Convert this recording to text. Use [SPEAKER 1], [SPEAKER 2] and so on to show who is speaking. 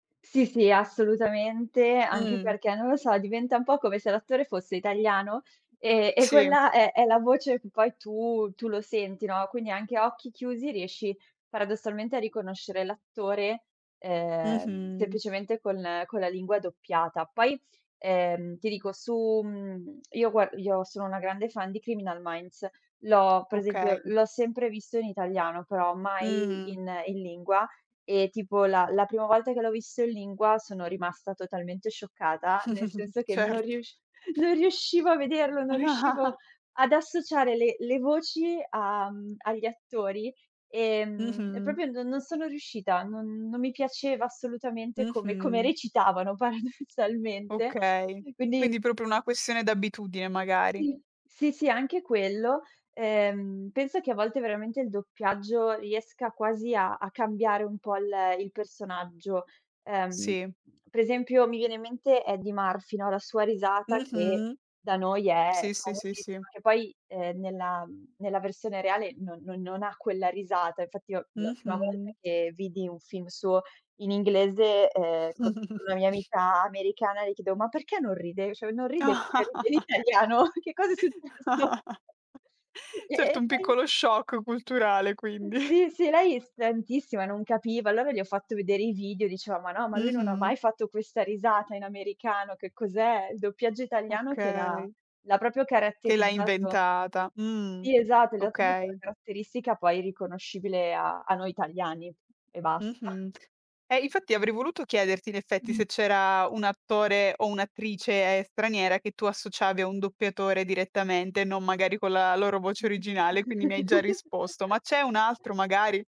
[SPEAKER 1] Sì, sì, assolutamente, anche
[SPEAKER 2] Mh.
[SPEAKER 1] perché, non lo so, diventa un po' come se l'attore fosse italiano, ehm, e
[SPEAKER 2] Sì.
[SPEAKER 1] quella è è la voce che poi tu tu lo senti, no, quindi anche a occhi chiusi, riesci paradossalmente a riconoscere l'attore, ehm,
[SPEAKER 2] Mh-mh.
[SPEAKER 1] semplicemente con con la lingua doppiata. Poi, ehm, ti dico su mhmm, io gua io sono una grande fan di Criminal Minds. L'ho Per esempio
[SPEAKER 2] Okay.
[SPEAKER 1] l'ho sempre visto in italiano, però mai
[SPEAKER 2] Mh-mh.
[SPEAKER 1] in in lingua e tipo, la la prima volta che l'ho visto in lingua, sono rimasta totalmente scioccata, nel senso che non
[SPEAKER 2] Certo.
[SPEAKER 1] riusc non riuscivo a vederlo, non riuscivo ad associare le le voci a mhmm, agli attori, ehm, e
[SPEAKER 2] Mh-mh.
[SPEAKER 1] proprio no non sono riuscita, non non mi piaceva assolutamente come come
[SPEAKER 2] Mh-mh.
[SPEAKER 1] recitavano, paradossalmente,
[SPEAKER 2] Okay,
[SPEAKER 1] quindi
[SPEAKER 2] quindi proprio una questione d'abitudine, magari.
[SPEAKER 1] Sì. Sì, sì anche quello. Ehm, penso che a volte, veramente, il doppiaggio riesca quasi a a cambiare un po' l il personaggio. Ehm,
[SPEAKER 2] Sì.
[SPEAKER 1] per esempio, mi viene in mente Eddie Murphy, no, la sua risata, che
[SPEAKER 2] Mh-mh.
[SPEAKER 1] da noi è
[SPEAKER 2] Sì, sì, sì, sì.
[SPEAKER 1] famosissima, che poi, ehm, nella mhmm, nella versione reale no non non ha quella risata. Infatti, io la prima volta
[SPEAKER 2] Mh-mh.
[SPEAKER 1] che vidi un film suo in inglese, ehm, con una mia amica americana, le chiedevo: "Ma perché non ride cioè non ride come ride in italiano. Che cosa è successo?" E
[SPEAKER 2] Certo,
[SPEAKER 1] e
[SPEAKER 2] un
[SPEAKER 1] [unintelligible]
[SPEAKER 2] piccolo shock culturale, quindi.
[SPEAKER 1] Sì, sì, lei [unintelligible] non capiva. Allora le ho fatto vedere i video, diceva: "Ma no, ma lui non ha mai
[SPEAKER 2] Mh-mh.
[SPEAKER 1] fatto questa risata in americano, che cos'è?" Il doppiaggio italiano che l'ha
[SPEAKER 2] Okay.
[SPEAKER 1] l'ha proprio
[SPEAKER 2] Che l'ha
[SPEAKER 1] caratterizzato
[SPEAKER 2] inventata, mh,
[SPEAKER 1] Sì, esatto. Gli ha dato comunque una
[SPEAKER 2] okay.
[SPEAKER 1] caratteristica, poi riconoscibile a a noi italiani e basta.
[SPEAKER 2] Mh-mh. Eh, infatti, avrei voluto chiederti, in effetti,
[SPEAKER 1] Mh.
[SPEAKER 2] se c'era un attore o un'attrice straniera, che tu associavi a un doppiatore direttamente, non magari con la loro voce originale, quindi mi hai già risposto. Ma c'è un altro, magari?